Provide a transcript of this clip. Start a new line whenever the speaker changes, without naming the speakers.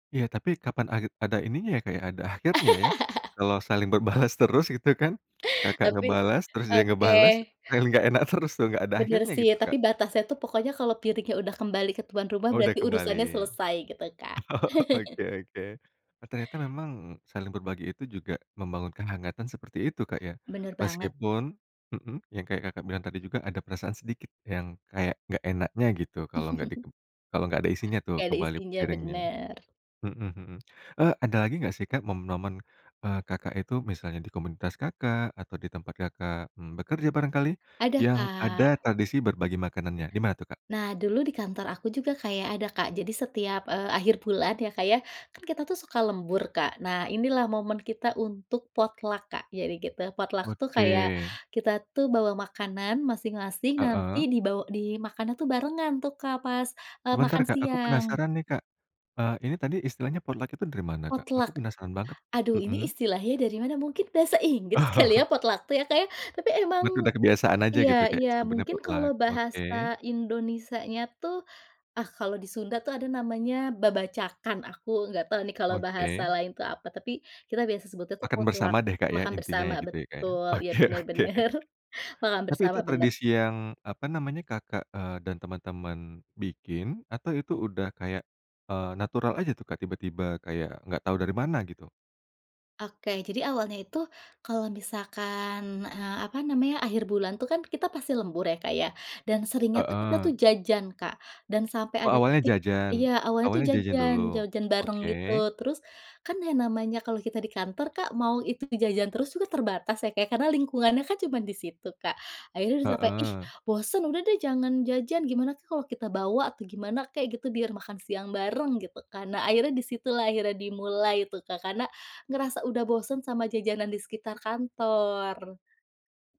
Iya tapi kapan age ada ininya ya Kak ya, ada akhirnya ya, kalau saling berbalas terus gitu kan, Kakak
Tapi
ngebalas, terus dia
oke.
ngebalas, paling nggak enak terus tuh, nggak ada
Benar
akhirnya
sih
gitu,
ya, tapi
Kak.
batasnya tuh pokoknya kalau piringnya udah kembali ke tuan rumah,
Oh udah
berarti
kembali.
urusannya selesai, gitu, Kak.
Oh oke oke. E ternyata memang, saling berbagi itu juga membangun kehangatan seperti itu Kak ya.
Benar banget.
Meskipun mhm, yang kayak Kakak bilang tadi juga ada perasaan sedikit yang kayak nggak enaknya gitu, kalau nggak di kalau nggak ada isinya tuh
Nggak ada
kembali
isinya,
piringnya
benar.
mhm mhm. Eee, ada lagi nggak sih Kak momen-momen, eee, Kakak itu misalnya di komunitas Kakak atau di tempat Kakak, mmm, bekerja barangkali,
Ada,
yang ada
Kak.
tradisi berbagi makanannya, di mana tuh Kak?
Nah dulu di kantor aku juga kaya ada Kak, jadi setiap, eee, akhir bulan ya Kak, kan kita tuh suka lembur, Kak. Nah, inilah momen kita untuk potluck Kak, jadi gitu. Potluck itu kayak,
Oke.
kita tuh bawa makanan masing-masing nanti
Heeh.
dibawa dimakannya tuh barengan tuh Kak, pas
Sebentar
makan
Kak, aku
siang.
penasaran nih Kak, eee, ini tadi istilahnya potluck itu dari mana, Kak?
Potluck,
Aku penasaran banget.
aduh ini
Mhm.
istilahnya dari mana, mungkin bahasa Inggris kali ya
Oh.
potluck tuh ya Kak ya. Tapi emang
Bet udah kebiasaan aja
iya
gitu Kak,
iya,
sebutannya
mungkin kalau
potluck,
bahasa
oke.
Indonesia nya tuh ah kalau di Sunda tuh ada namanya babacakan, aku nggak tau nih kalau bahasa
Oke.
lain tuh apa, tapi kita biasa sebut itu
Makan
potluck
bersama deh Kak ya,
makan
intinya
bersama
ya gitu ya Kak ya,
betul, ya
oke
benar
oke.
benar, makan
Tapi
bersama
itu
benar.
tradisi yang, apa namanya, Kakak, eee, dan teman-teman bikin, atau itu udah kayak, eee, natural aja tuh Kak tiba-tiba kayak nggak tahu dari mana gitu?
Oke, jadi awalnya itu kalau misalkan, eee, apa namanya, akhir bulan itu kan kita pasti lembur ya Kak ya. Dan seringnya tuh kita tuh
Heeh.
jajan Kak, dan sampai
Oh
ada
awalnya
titik
jajan
iya awalnya tuh
awalnya jajan
jajan
dulu.
jajan bareng
Oke.
gitu, terus kan namanya kalau kita di kantor Kak mau itu jajan terus juga terbatas ya Kak ya, karena lingkungannya kan cuman di situ Kak. Akhirnya sampai, "ih
Heeh.
bosen, udah deh jangan jajan, gimana tuh kalau kita bawa, atau gimana kek gitu, biar makan siang bareng" gitu kan. Nah akhirnya di situlah akhirnya dimulai itu Kak, karena ngerasa udah bosen sama jajanan di sekitar kantor.